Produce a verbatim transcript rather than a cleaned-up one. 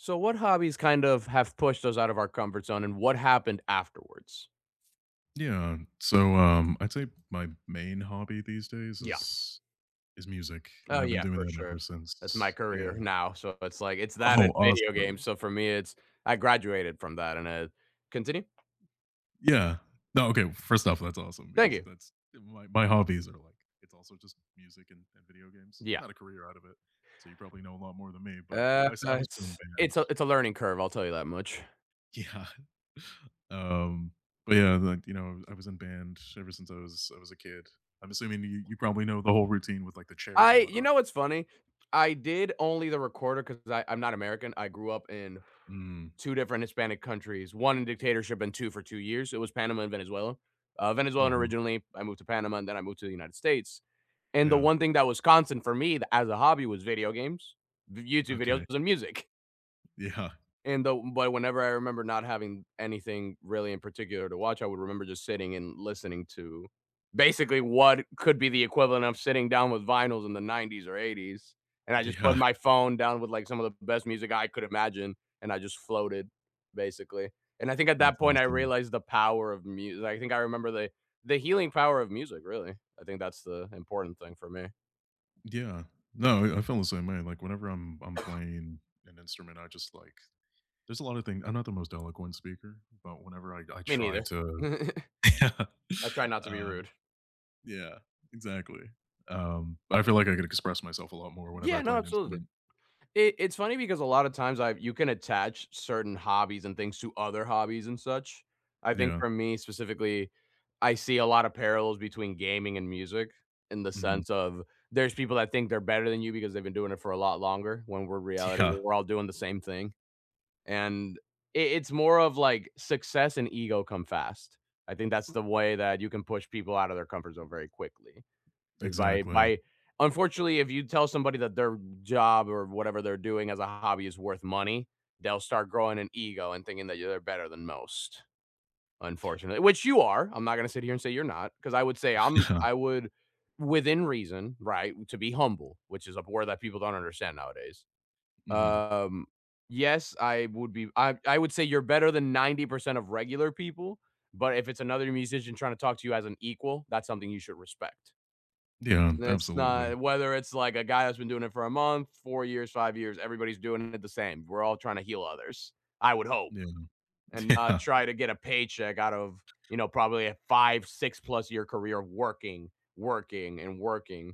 So, what hobbies kind of have pushed us out of our comfort zone, and what happened afterwards? Yeah, so, um, I'd say my main hobby these days Yeah. is is music, and Oh I've been yeah, doing for that sure. ever That's my since career yeah. now, so it's, like, it's that and Oh, video games, awesome. so for me it's I graduated from that, and it continue. Yeah, no, okay, first off, that's awesome Thank because you. that's my my hobbies are like it's also just music and and video games, Yeah. not a career out of it, so you probably know a lot more than me, but, you know, Uh, I s I was playing in it's it's band. a it's a learning curve, I'll tell you that much. Yeah, um, but, yeah, like, you know, I was in band ever since I was I was a kid, I'm assuming you you probably know the whole routine with, like, the chairs I and you whatnot. know what's funny? I did only the recorder 'cause I I'm not American I grew up in Mm. two different Hispanic countries, one in dictatorship and two for two years, it was Panama and Venezuela. Uh, Venezuelan Oh. originally, I moved to Panama, and then I moved to the United States. And the Yeah. one thing that was constant for me th as a hobby was video games, v YouTube videos Okay. and music. Yeah. And though but whenever I remember not having anything really in particular to watch, I would remember just sitting and listening to basically what could be the equivalent of sitting down with Vinyls in the nineties or eighties, and I just put Yeah. my phone down with, like, some of the best music I could imagine, and I just floated, basically, and I think at that That's point I awesome. realized the power of mu I think I remember the the healing power of music, really. I think that's the important thing for me. Yeah, no, yeah, I feel the same way, like, whenever I'm I'm playing an instrument, I just, like there's a lotta thing I'm not the most eloquent speaker, but whenever I I Me try neither. to yeah. I try not to be Uh, rude. yeah, exactly, um, I feel, like, I could express myself a lot more whenever Yeah, I no, play an absolutely. instrument. It it's funny because a lotta times I've you can attach certain hobbies and things to other hobbies and such. I think Yeah. for me, specifically, I see a lotta parallels between gaming and music, in the Mhm. sense of, there's people that think they're better than you because they've been doing it for a lot longer, when we're reality, Yeah. we're all doing the same thing, and it it's more of, like, success and ego come fast. I think that's the way that you can push people outta their comfort zone very quickly, is by Exactly. by unfortunately, if you tell somebody that their job or whatever they're doing as a hobby is worth money, they'll start growing an ego and thinking they're better than most. Unfortunate which you are, I'm not gonna sit here and say you're not 'cause I would say I'm I would, within reason, right, to be humble, which is a word that people don't understand nowadays. Mhm. Um, yes, I would be I I would say you're better than ninety percent of regular people, but if it's another musician trying to talk to you as an equal, that's something you should respect. Yeah, It's absolutely. not whether it's, like, a guy that's been doing it for a month, four years, five years, everybody's doing it the same, we're all trying to heal others, I would hope, Yeah. and not Yeah. try to get a paycheck out of, you know, probably a five six plus year career working, working, and working.